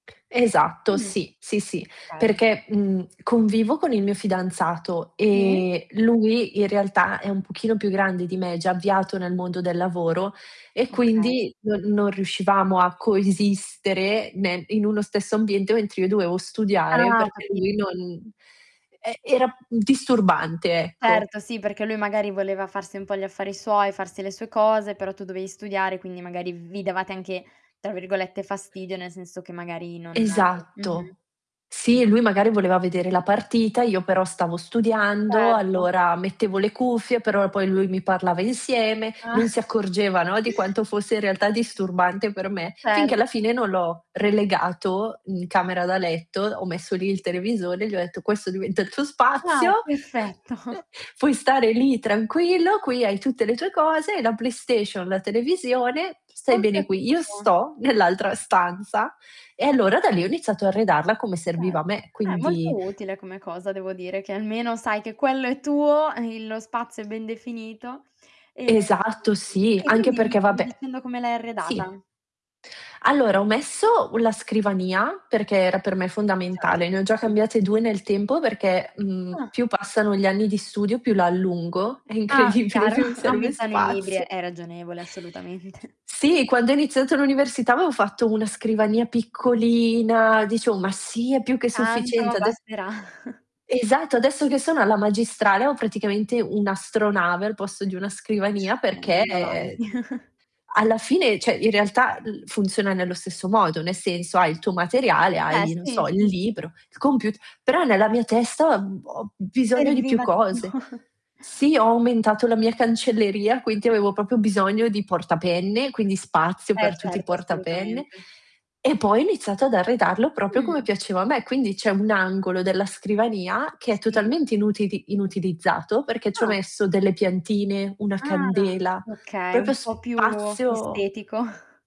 Esatto, Mh, sì, sì sì. okay. Perché, mhmm, convivo con il mio fidanzato, Sì. e lui in realtà, è un pochino più grande di me, già avviato nel mondo del lavoro, e Okay. quindi non non riuscivamo a coesistere, ne in uno stesso ambiente, mentre io dovevo studiare Ah, ho perché capi lui non e era disturbante, ecco. Certo, sì, perché lui magari voleva farsi un po' gli affari suoi, farsi le sue cose, però tu dovevi studiare, quindi magari vi davate anche, tra virgolette "fastidio" nel senso che magari non mh-mh. Esatto. Sì, lui [unintelligible] magari voleva vedere la partita, io però stavo studiando, Certo. allora mettevo le cuffie, però poi lui mi parlava insieme, non Ah. si accorgeva, no, di quanto fosse in realtà disturbante per me, finché alla Certo. fine non l'ho relegato, in camera da letto, ho messo lì il televisore, e gli ho detto: "Questo diventa il tuo spazio, Ah, perfetto. puoi stare lì tranquillo, qui hai tutte le tue cose, hai la PlayStation, la televisione, stai Ho bene qui. Io capito. sto nell'altra stanza;" e allora da lì, ho iniziato a arredarla come serviva a Certo, me, eh quindi molto utile come cosa devo dire, che almeno sai che quello è tuo, il lo spazio è ben definito, e Esatto sì, e anche quindi mi perché stavi vabbè dicendo come l'hai sì. arredata. Allora, ho messo la scrivania, perché era per me fondamentale, Certo, ne ho già okay. cambiate 2 nel tempo, perché, mhmm, Ah. più passano gli anni di studio, più la allungo, è Ah, incredibile, chiaro, più mi serve aumentano i libri, spazio. è ragionevole assolutamente. Sì, quando io ho iniziato l'università avevo fatto una scrivania piccolina, dicevo: "Ma sì, è più che Tanto sufficiente", ad basterà. Esatto, adesso che sono alla magistrale, ho praticamente un'astronave al posto di una scrivania, Eh, perché andando avanti. alla fine, cioè in realtà, l funziona nello stesso modo, nel senso: hai il tuo materiale, Beh, hai non sì, so il sì, sì. libro, il comput però nella mia testa, uhm, ho bisogno di più Serviva di più. cose. Sì, ho aumentato la mia cancelleria, quinti avevo proprio bisogno di porta penne, quindi spazio Eh, per tutti i certo porta penne, assolutamente. e poi ho iniziato ad arredarlo proprio come Mh. piaceva a me; quindi c'è un angolo della scrivania che è Si. totalmente inutili inutilizzato, perché ci ho Ah. messo delle piantine, una Ah, candela, okay, proprio un po' più spazio estetico.